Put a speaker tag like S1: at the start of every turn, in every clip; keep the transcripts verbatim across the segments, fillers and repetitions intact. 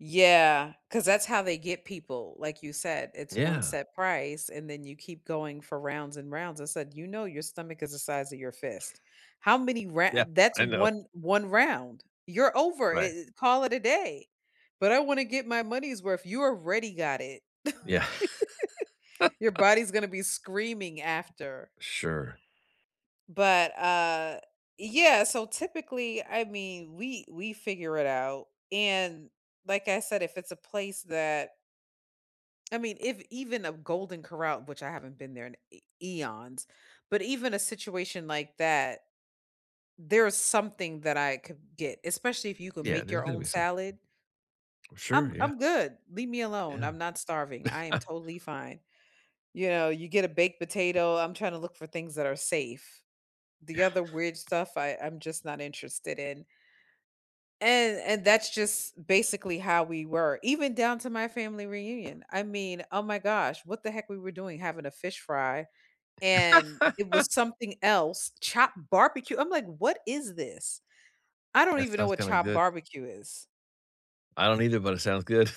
S1: Yeah, 'cause that's how they get people, like you said, it's one
S2: Yeah.
S1: set price and then you keep going for rounds and rounds, I said, "You know, your stomach is the size of your fist. How many ro"
S2: Yeah,
S1: that's
S2: I know.
S1: one one round, you're over
S2: Right.
S1: it it, call it a day, "But I wanna get my money's worth." "You already got it."
S2: Yeah.
S1: Your body's gonna be screaming after.
S2: Sure.
S1: But, uh, yeah, so typically I mean we we figure it out and, like I said, if it's a place that I mean, if even a Golden Corral- which I haven't been there in e eons- but even a situation like that, there is something that I could get, especially if you could
S2: Yeah,
S1: make
S2: there's
S1: your
S2: gonna
S1: own
S2: be something.
S1: salad
S2: Sure,
S1: I'm
S2: yeah.
S1: I'm good, leave me alone,
S2: Yeah.
S1: I'm not starving, I am totally fine. You know, you get a baked potato, I'm trying to look for things that are safe. The
S2: Yeah.
S1: other weird stuff I I'm just not interested in. And and that's just basically how we were, even down to my family reunion. I mean, oh my gosh, what the heck we were doing having a fish fry, and it was something else, chopped barbecue, I'm like, "What is this?" I don't
S2: That
S1: even know
S2: sounds
S1: what
S2: kinda
S1: chopped
S2: good.
S1: barbecue is.
S2: I don't either, but it sounds good.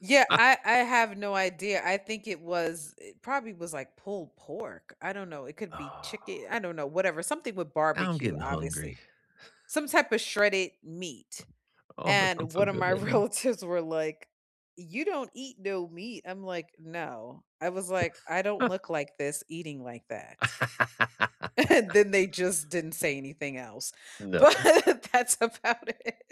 S1: Yeah, I I have no idea, I think it was it probably was, like, pulled pork, I don't know, it could be
S2: Oh.
S1: chicken, I don't know whatever something with
S2: Now I'm
S1: barbecue,
S2: getting hungry.
S1: obviously. Some type of shredded meat,
S2: Oh, that
S1: and
S2: sounds so
S1: one of
S2: good
S1: my
S2: right now.
S1: relatives were like, "You don't eat no meat," I'm like, "No." I was like, "I don't look like this eating like that." And then they just didn't say anything else, but
S2: No.
S1: that's about it.